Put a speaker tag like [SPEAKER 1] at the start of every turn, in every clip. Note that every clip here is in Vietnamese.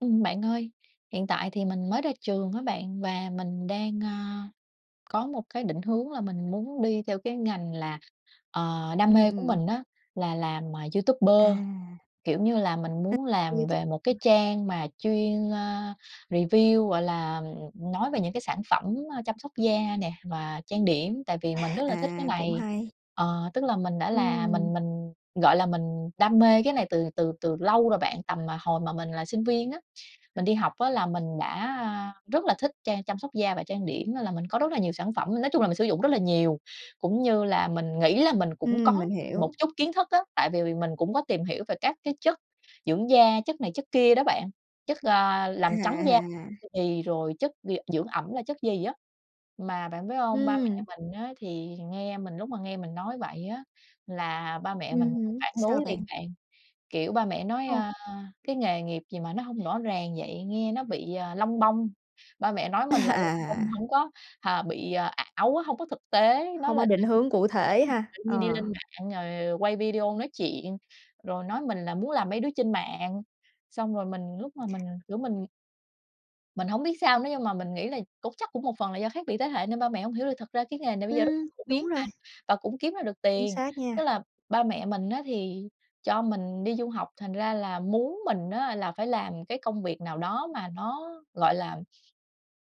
[SPEAKER 1] Ừm, bạn ơi, hiện tại thì mình mới ra trường á bạn và mình đang, a, có một cái định hướng là mình muốn đi theo cái ngành là, ờ, đam
[SPEAKER 2] Ừm,
[SPEAKER 1] mê của
[SPEAKER 2] ừm.
[SPEAKER 1] mình á là làm, à, YouTuber.
[SPEAKER 2] À.
[SPEAKER 1] Kiểu như là, mình
[SPEAKER 2] À,
[SPEAKER 1] muốn làm
[SPEAKER 2] YouTube.
[SPEAKER 1] về một cái
[SPEAKER 2] Ừm.
[SPEAKER 1] trang mà chuyên, a, review, gọi là, ừm, nói về những cái sản phẩm, ơ, chăm sóc da nè và trang điểm tại vì mình
[SPEAKER 2] A,
[SPEAKER 1] rất là thích cái
[SPEAKER 2] à, cũng
[SPEAKER 1] này.
[SPEAKER 2] hay.
[SPEAKER 1] Ờ, tức là mình đã là
[SPEAKER 2] Ừm.
[SPEAKER 1] mình mình, gọi là, mình đam mê cái này từ từ từ lâu rồi bạn, tầm mà hồi mà mình là sinh viên á. Mình đi học á là mình đã rất là thích trang chăm sóc da và trang điểm nên là mình có rất là nhiều sản phẩm, nói chung là mình sử dụng rất là nhiều. Cũng như là mình nghĩ là mình cũng
[SPEAKER 2] Ừm,
[SPEAKER 1] có
[SPEAKER 2] mình
[SPEAKER 1] một
[SPEAKER 2] hiểu.
[SPEAKER 1] chút kiến thức á, tại vì mình cũng có tìm hiểu về các cái chất dưỡng da, chất này chất kia đó bạn, chất, ờ, làm trắng da,
[SPEAKER 2] À.
[SPEAKER 1] ư, thì rồi chất d dưỡng ẩm là chất gì á. Mà bạn biết hông, ba
[SPEAKER 2] Ừm.
[SPEAKER 1] mẹ mình á thì nghe mình lúc mà nghe mình nói vậy á, là ba mẹ mình
[SPEAKER 2] Ừm hứm,
[SPEAKER 1] phản
[SPEAKER 2] sao
[SPEAKER 1] đối liền
[SPEAKER 2] bạn?
[SPEAKER 1] bạn, kiểu, ba mẹ nói,
[SPEAKER 2] Ồ.
[SPEAKER 1] a, cái nghề nghiệp gì mà nó hông rõ ràng vậy, nghe nó bị, à, lông bông. Ba mẹ nói mình là lông bông
[SPEAKER 2] À.
[SPEAKER 1] hổng có, à, bị ảo á, hông có thực tế, nói
[SPEAKER 2] Không có
[SPEAKER 1] là
[SPEAKER 2] định
[SPEAKER 1] tự nhiên
[SPEAKER 2] hướng cụ
[SPEAKER 1] cái
[SPEAKER 2] thể
[SPEAKER 1] mình
[SPEAKER 2] ha.
[SPEAKER 1] tự nhiên đi
[SPEAKER 2] Ờ.
[SPEAKER 1] lên mạng rồi quay video nói chuyện, rồi nói mình là muốn làm mấy đứa trên mạng, xong rồi mình lúc mà mình, kiểu, mình mình hông biết sao nữa nhưng mà mình nghĩ là cũng chắc cũng một phần là do khác biệt thế hệ nên ba mẹ hông hiểu được, thực ra cái nghề này bây giờ rất
[SPEAKER 2] Ừm,
[SPEAKER 1] phổ
[SPEAKER 2] đúng
[SPEAKER 1] biến mà
[SPEAKER 2] rồi.
[SPEAKER 1] và cũng kiếm ra được
[SPEAKER 2] Chính
[SPEAKER 1] tiền.
[SPEAKER 2] xác
[SPEAKER 1] Tức
[SPEAKER 2] nha.
[SPEAKER 1] là ba mẹ mình á thì cho mình đi du học thành ra là muốn mình á là phải làm cái công việc nào đó mà nó, gọi là,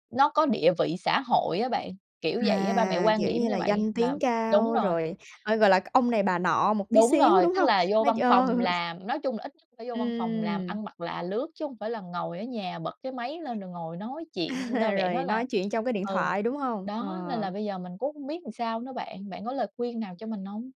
[SPEAKER 1] nó có địa vị xã hội á bạn, kiểu vậy á. Ba mẹ
[SPEAKER 2] À,
[SPEAKER 1] quan
[SPEAKER 2] kiểu
[SPEAKER 1] điểm
[SPEAKER 2] như
[SPEAKER 1] như
[SPEAKER 2] là,
[SPEAKER 1] vậy
[SPEAKER 2] danh
[SPEAKER 1] và
[SPEAKER 2] tiếng
[SPEAKER 1] đúng
[SPEAKER 2] cao
[SPEAKER 1] rồi.
[SPEAKER 2] rồi, ờ, gọi là ông này bà nọ một tí
[SPEAKER 1] Đúng
[SPEAKER 2] xíu,
[SPEAKER 1] rồi,
[SPEAKER 2] đúng
[SPEAKER 1] tức
[SPEAKER 2] hông?
[SPEAKER 1] là vô
[SPEAKER 2] Nói ch
[SPEAKER 1] văn phòng làm, nói chung là ít nhất phải vô văn phòng làm,
[SPEAKER 2] Ừm.
[SPEAKER 1] ăn mặc là lướt chứ hông phải là ngồi ở nhà bật cái máy lên rồi ngồi nói chuyện. Ba
[SPEAKER 2] Ờ,
[SPEAKER 1] mẹ
[SPEAKER 2] rồi
[SPEAKER 1] nói
[SPEAKER 2] nói
[SPEAKER 1] là
[SPEAKER 2] chuyện trong cái điện
[SPEAKER 1] ừ,
[SPEAKER 2] thoại, đúng hông?
[SPEAKER 1] đó nên là
[SPEAKER 2] Ờ.
[SPEAKER 1] bây giờ mình cũng hông biết sao nữa bạn, bạn có lời khuyên nào cho mình hông?